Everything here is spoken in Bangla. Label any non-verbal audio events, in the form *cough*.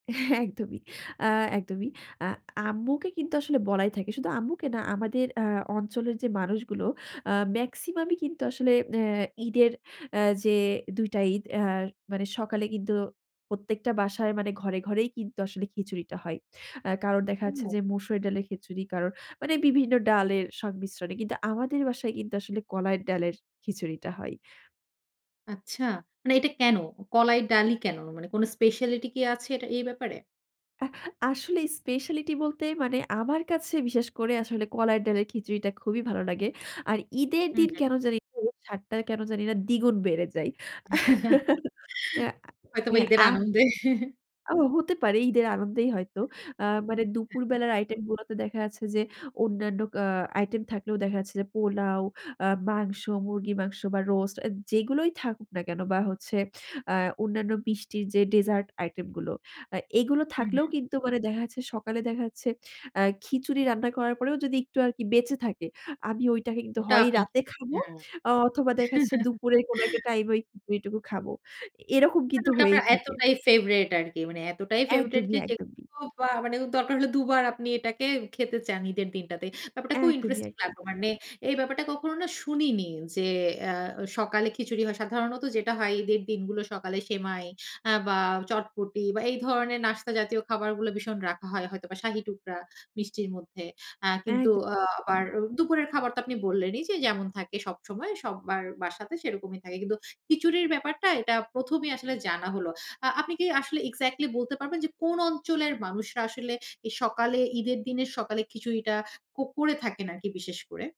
হ্যাঁ, একদমই আ একদমই আ আম্মুকে কিন্তু আসলে বলাই থাকে। শুধু আম্মুকে না আমাদের আ অঞ্চলের যে মানুষগুলো আ মেক্সিমামই কিন্তু আসলে আ ঈদের আ যে ২ টা ঈদ আর মানে সকালে কিন্তু প্রত্যেকটা বাসায় মানে ঘরে, ঘরেই, কিন্তু আসলে খিচুড়িটা হয়। আ কারণ দেখা হুম। যাচ্ছে যে, মসুর ডালের খিচুড়ি কারোর মানে বিভিন্ন ডালের সংমিশ্রণে কিন্তু আমাদের বাসায় কিন্তু আসলে কলাইয়ের ডালের খিচুড়িটা হয়। আচ্ছা। মানে এটা কেন? কলাই ডালি কেন? মানে কোন স্পেশালিটি কি আছে এটা এই ব্যাপারে? আ আসলে স্পেশালিটি বলতে মানে আমার কাছে বিশেষ করে আসলে কলাই ডালের খিচুড়িটা খুবই ভালো লাগে আর ঈদের হুম, দিন হুম। কেন জানি না, সাধটা কেন জানি না দ্বিগুণ বেড়ে যায় *chuckles* *chuckles* আ হয়তোবা হ্যাঁ ঈদের আ আনন্দে। *chuckles* ও হতে পারে ঈদের আনন্দেই হয়তো। আ মানে দুপুর হ্যাঁ। বেলার আইটেম গুলোতে দেখা যাচ্ছে যে, অন্যান্য আ আইটেম থাকলেও দেখা যাচ্ছে যে পোলাও, আ মাংস, মুরগির মাংস বা রোস্ট আ যেগুলোই থাকুক না কেন বা হচ্ছে আ অন্যান্য মিষ্টির যে ডেজার্ট আইটেম গুলো। আ এগুলো হুম, থাকলেও হুম। কিন্তু মানে দেখা যাচ্ছে, সকালে দেখা যাচ্ছে আ খিচুড়ি রান্না করার পরেও যদি একটু আরকি বেঁচে থাকে। আমি ওইটাকে কিন্তু ওটা হয় আমি রাতে খাবো হ্যাঁ। আ অথবা দেখাচ্ছে *chuckles* দুপুরে কোন একটা টাইমে ওই খিচুড়িটুকু খাবো। এরকম মানে কিন্তু ওটা হয়েই আপনার থাকে। এতটাই ফেভারাইট আরকি। মানে এতটাই ফেভরাইট একদমই, যে একদমই। যেকোনো বা মানে দরকার হলে দুবার আপনি এটাকে খেতে চান ঈদের দিনটাতে। ব্যাপারটা খুব একদমই, ইন্টারেস্টিং একদমই। লাগলো। মানে এই ব্যাপারটা কখনো না শুনিনি। যে আ সকালে খিচুড়ি হয় সাধারণত যেটা হয় ঈদের দিনগুলো সকালে সেমাই আ বা চটপটি বা এই ধরনের নাস্তা জাতীয় খাবারগুলো ভীষণ রাখা হয় হয়তোবা শাহী টুকরা মিষ্টির মধ্যে। আ কিন্তু একদমই, আ আবার হুম। দুপুরের খাবার তো আপনি বললেনই যে যেমন থাকে সবসময় সবার বাসাতে সেরকমই থাকে। কিন্তু খিচুড়ির ব্যাপারটা এটা প্রথমেই আসলে জানা হলো। আ আপনি কি আসলে এক্সাক্টলি বলতে পারবেন যে কোন অঞ্চলের মানুষরা আসলে এই সকালে ঈদের দিনের সকালে খিচুড়িটা কুক করে থাকেন আরকি বিশেষ করে?